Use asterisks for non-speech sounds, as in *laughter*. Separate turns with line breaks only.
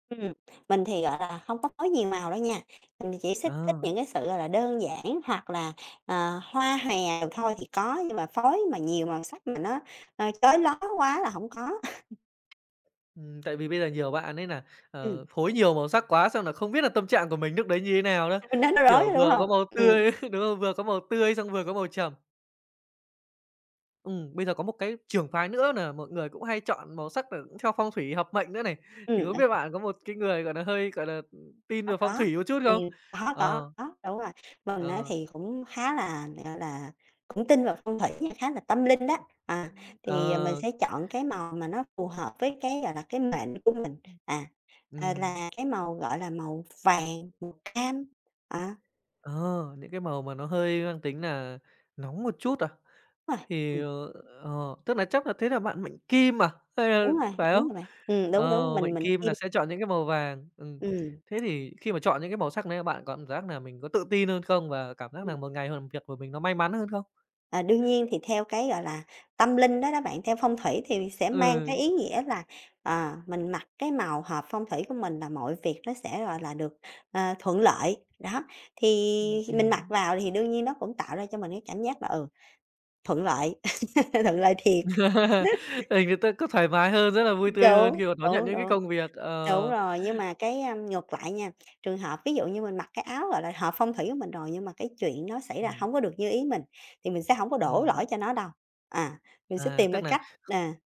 Ừm, mình thì, gọi là, hông có phối nhiều màu đâu nha, mình chỉ thích thích
Ờ.
những cái sự, gọi là, đơn giản hoặc là, ờ, hoa hoè thôi thì có, nhưng mà phối mà nhiều màu sắc mà nó, à, chói loá quá là hổng có. *laughs*
Ừm, tại vì bây giờ nhiều bạn ấy nà,
Ừm.
ờ, phối nhiều màu sắc quá xong nà không biết là tâm trạng của mình lúc đấy như thế nào nữa,
Nó n nó rối,
kiểu,
đúng
vừa có
hông?
màu
Ừm.
tươi, đúng không? Vừa có màu tươi xong vừa có màu trầm. Ừm, bây giờ có một cái trưởng phái nữa nà mọi người cũng hay chọn màu sắc cà c theo phong thủy hợp mệnh nữa này. Thì
Ừm,
không
ơi
biết bạn có một cái người, gọi nà, hơi, gọi là, ưm, tin
Có,
về phong
có,
thủy một chút
ừm,
không?
có, có,
Ờ.
có, đúng rồi, mình á
Ờ.
thì cũng khá là, gọi là, cũng tin vào phong thủy nha, khá là tâm linh đó, à, thì mình
Ờ.
sẽ chọn cái màu mà nó phù hợp với cái, gọi là, cái mệnh của mình, à, ờ,
Ừm.
là cái màu, gọi là, màu vàng, màu cam á.
Ờ, những cái màu mà nó hơi mang tính nà nóng một chút à?
Đúng rồi,
Thì,
ừm.
ờ, ờ, tức nà chắc nà thế nà bạn mệnh kim à? Ph
Đúng
ờ,
rồi,
phải
đúng
không?
rồi bạn, ừm, đúng,
Ờ,
đúng, mình
mệnh
mệnh
kim
Kim.
nà sẽ chọn những cái màu vàng. Ừm,
Ừm.
thế thì khi mà chọn những cái màu sắc này bạn có cảm giác nà mình có tự tin hơn không? Và cảm giác
Ừm.
nà một ngày việc của mình nó may mắn hơn không?
À, đương nhiên thì theo cái, gọi là, tâm linh đó đó bạn, theo phong thủy thì sẽ mang cái
Ừ.
ý nghĩa là, ờ, mình mặc cái màu hợp phong thủy của mình là mọi việc nó sẽ, gọi là, được, ờ, thuận lợi. Đó, thì
Ừm,
mình mặc
ừm.
vào thì đương nhiên nó cũng tạo ra cho mình cái cảm giác là, ừ, thuận lợi *laughs* thuận lợi thiệt.
*laughs* Thì
*laughs*
người ta cứ thoải mái hơn, rất là vui tươi hơn
Đúng,
khi mà đón nhận
đúng,
những cái
đúng.
công việc,
Đúng
ờ.
rồi, nhưng mà cái, a, ngược lại nha, trường hợp ví dụ như mình mặc cái áo, gọi là, hợp phong thủy của mình rồi nhưng mà cái chuyện nó xảy ra
Ừm.
hổng có được như ý mình, thì mình sẽ hổng có đổ lỗi
Ừm.
cho nó đâu, à, mình sẽ
À,
tìm
tức
cái
nà
cách, à